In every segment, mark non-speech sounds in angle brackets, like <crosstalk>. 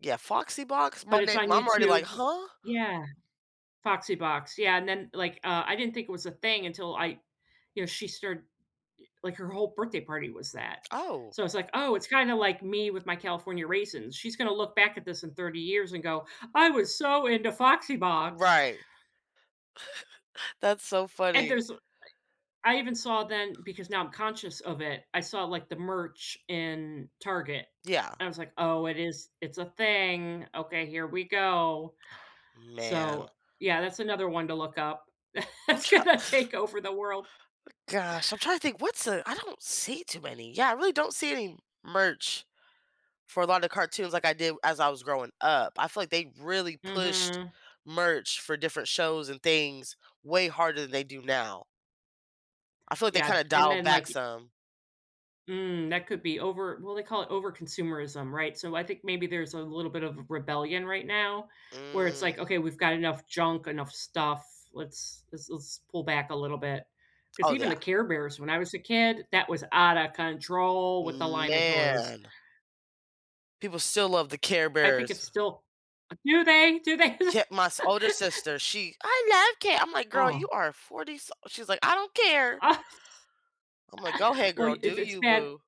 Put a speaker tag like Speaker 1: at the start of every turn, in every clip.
Speaker 1: Yeah, Foxy Box, my
Speaker 2: But it's
Speaker 1: nam
Speaker 2: on
Speaker 1: I'm already like,
Speaker 2: YouTube
Speaker 1: huh?
Speaker 2: yeah. Foxy Box, yeah, and then, like, uh, I didn't think it was a thing until I you know, she started like, her whole birthday party was that.
Speaker 1: Oh.
Speaker 2: So I was like, "Oh, it's kinda like me with my California raisins." She's gonna look back at this in 30 years and go, "I was so into Foxy Box."
Speaker 1: Right. <chuckles> That's so
Speaker 2: And
Speaker 1: funny.
Speaker 2: there's I I even saw then because now I'm conscious of it, I saw like the merch in Target.
Speaker 1: Yeah.
Speaker 2: I was like, "Oh, it is it's a thing. Okay, here we go."
Speaker 1: Aw, man.
Speaker 2: So, yeah, that's another one to look up.
Speaker 1: I'm
Speaker 2: It's
Speaker 1: try.
Speaker 2: gonna
Speaker 1: <exhales>
Speaker 2: take over the world.
Speaker 1: Gosh, I'm trying to think, what's the I don't see too many Yeah, I really don't see any merch for a lot of cartoons like I did as I was growing up. I feel like they really pushed
Speaker 2: Mhm.
Speaker 1: merch for different shows and things way harder than they do now. I feel like they
Speaker 2: Yeah
Speaker 1: kinda
Speaker 2: d and
Speaker 1: dialed
Speaker 2: then,
Speaker 1: back
Speaker 2: like
Speaker 1: some.
Speaker 2: Mm, that could be over well, they call it overconsumerism, right? So I think maybe there's a little bit of rebellion right now where it's like,
Speaker 1: Mm.
Speaker 2: "Okay, we've got enough junk, enough stuff. Let's let's let's pull back a little bit." 'Cause
Speaker 1: Oh,
Speaker 2: even
Speaker 1: yeah.
Speaker 2: the Care Bears, when I was a kid, that was outta control with the line of toys.
Speaker 1: Man. People still love the Care
Speaker 2: I think it's
Speaker 1: Bears.
Speaker 2: still do the do they?
Speaker 1: Kept my s
Speaker 2: <laughs>
Speaker 1: older sister, she "I love care" I'm like, "Girl,
Speaker 2: Oh.
Speaker 1: you are 40-some" she's like, "I don't
Speaker 2: <laughs>
Speaker 1: care."
Speaker 2: Uh
Speaker 1: I'm like, "Go ahead,
Speaker 2: well
Speaker 1: girl. Do
Speaker 2: it's it's
Speaker 1: you,
Speaker 2: bad
Speaker 1: boo"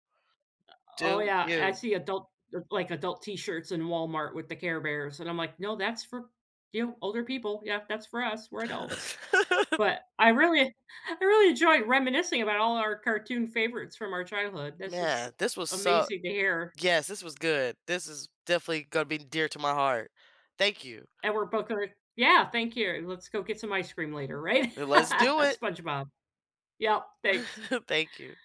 Speaker 2: o oh,
Speaker 1: do
Speaker 2: yeah. I
Speaker 1: you.
Speaker 2: see adult like, adult t-shirts in Walmart with the Care Bears, and I'm like, "No, that's for you, older people. Yeah, that's for us, we're adults."
Speaker 1: <laughs>
Speaker 2: But I really I really enjoy reminiscing about all our cartoon favorites from our childhood. This is
Speaker 1: Man, this was so
Speaker 2: amazing to hear.
Speaker 1: Yes, this was good. This is definitely gonna be dear to my heart. Thank you.
Speaker 2: Edward Booker yeah, thank you. Let's go get some ice cream later, right? <laughs>
Speaker 1: Let's
Speaker 2: At
Speaker 1: do it.
Speaker 2: SpongeBob. Yep. Thanks.
Speaker 1: <chuckles> Thank you.